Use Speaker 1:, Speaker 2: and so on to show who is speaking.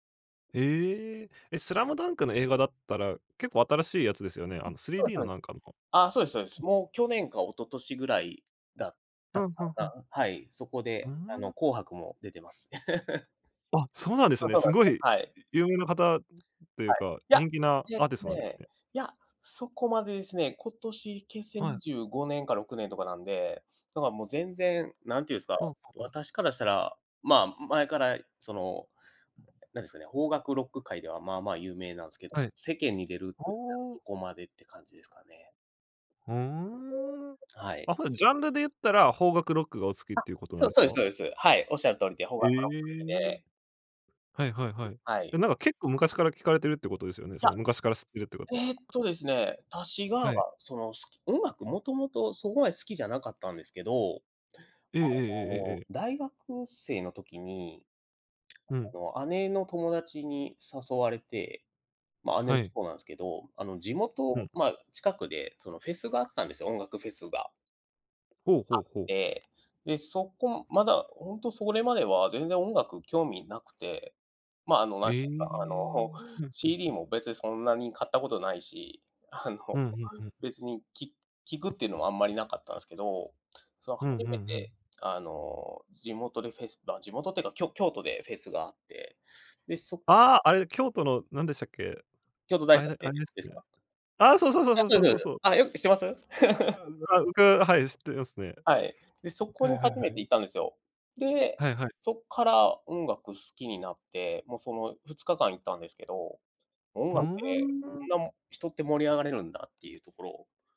Speaker 1: へえ、え、スラムダンクの映画だったら、結構新しいやつですよね。
Speaker 2: あ、
Speaker 1: あのスリー
Speaker 2: そうです
Speaker 1: ディー
Speaker 2: そ
Speaker 1: の
Speaker 2: うで
Speaker 1: な
Speaker 2: す。
Speaker 1: んかの。
Speaker 2: あ、そうですそうです。もう去年か一昨年ぐらいだったか
Speaker 1: ははは。
Speaker 2: な、はい、そこ
Speaker 1: うー
Speaker 2: で、あの、
Speaker 1: ん。
Speaker 2: 紅白も出てます。
Speaker 1: あ、そうなんです
Speaker 2: あ、
Speaker 1: ね。
Speaker 2: そう
Speaker 1: す
Speaker 2: なんで
Speaker 1: ご
Speaker 2: す、
Speaker 1: い
Speaker 2: はい。
Speaker 1: 有名な方っていう
Speaker 2: はい。
Speaker 1: か、
Speaker 2: いや、
Speaker 1: 人気な
Speaker 2: えっ
Speaker 1: アーティス
Speaker 2: と
Speaker 1: トなんです
Speaker 2: ね、
Speaker 1: ね。
Speaker 2: いや、そこまでですね、今年結成
Speaker 1: は
Speaker 2: に
Speaker 1: い。
Speaker 2: じゅうごねんか6年とかなんで、だからもう全然、何て言うんですか、
Speaker 1: あ、はは。
Speaker 2: 私からしたら、まあ、前から、その、何ですかね、邦楽ロック界ではまあまあ有名なんですけど、
Speaker 1: はい。
Speaker 2: 世間に出るっていうか
Speaker 1: お
Speaker 2: そ
Speaker 1: お。
Speaker 2: こまでって感じですかね。
Speaker 1: ふーん。
Speaker 2: はい。
Speaker 1: あ、ほうなん、ジャンルで言ったら、邦楽ロックがお好きっ
Speaker 2: あ、
Speaker 1: ていうことな
Speaker 2: そ
Speaker 1: ん
Speaker 2: う、
Speaker 1: です
Speaker 2: そうです
Speaker 1: か？
Speaker 2: そうです。はい。おっしゃる通りで、邦
Speaker 1: え
Speaker 2: 楽ロック好き
Speaker 1: え、
Speaker 2: で。
Speaker 1: はいはいはい。
Speaker 2: は
Speaker 1: え、
Speaker 2: い。
Speaker 1: なんか結構昔から聞かれてるってことですよね。その
Speaker 2: い
Speaker 1: 昔から知ってるってこと
Speaker 2: や、えっとですね、私が、
Speaker 1: はい。
Speaker 2: その、す音楽、もともとそこまで好きじゃなかったんですけど、
Speaker 1: ええええ
Speaker 2: あ
Speaker 1: えええええ
Speaker 2: の、
Speaker 1: え。
Speaker 2: 大学生の時に、
Speaker 1: うん。
Speaker 2: あの、姉の友達に誘われて、ま、姉
Speaker 1: は
Speaker 2: も
Speaker 1: い。
Speaker 2: そうなんですけど、あの、地
Speaker 1: う
Speaker 2: 元、
Speaker 1: ん。
Speaker 2: ま、近くで、そのフェスがあったんですよ、音楽フェスが
Speaker 1: ほう
Speaker 2: あ
Speaker 1: ほ
Speaker 2: っ
Speaker 1: うほう。
Speaker 2: て、で、そこまだ本当それまでは全然音楽興味無くて、まあ、あの、何て
Speaker 1: ええ。ふ
Speaker 2: 言うか
Speaker 1: んふんふん。
Speaker 2: あの、CD も別にそんなに買ったことないし、あの、
Speaker 1: うん、ふんふん。
Speaker 2: 別にき聴くっていうのはあんまり無かったんすけど、その初
Speaker 1: ふんふ
Speaker 2: め
Speaker 1: んふん。
Speaker 2: てあの、地元でフェスあ、地元っていうかきょ京都でフェスがあって、で、そ
Speaker 1: ああ、あれ、京都のなんでしたっけ？
Speaker 2: 京都大
Speaker 1: あれ
Speaker 2: 学
Speaker 1: であ
Speaker 2: で、
Speaker 1: れです
Speaker 2: です
Speaker 1: ね。
Speaker 2: か？
Speaker 1: あ、そうそうそう
Speaker 2: あ、
Speaker 1: そう
Speaker 2: そ
Speaker 1: そ
Speaker 2: う
Speaker 1: う
Speaker 2: ですそ
Speaker 1: そ
Speaker 2: う
Speaker 1: う
Speaker 2: です。
Speaker 1: そう。
Speaker 2: あ、よく知ってます？
Speaker 1: う、あ、うかはい、知っていますね。
Speaker 2: はい。で、そこ
Speaker 1: は
Speaker 2: に
Speaker 1: いはいは
Speaker 2: 初めて
Speaker 1: い。
Speaker 2: 行ったんですよ。で、
Speaker 1: はいはい。
Speaker 2: そっから音楽好きになって、もうその2日間行ったんですけど、音
Speaker 1: ふー
Speaker 2: 楽って、
Speaker 1: ん。
Speaker 2: こんな人って盛り上がれるんだっていうところ。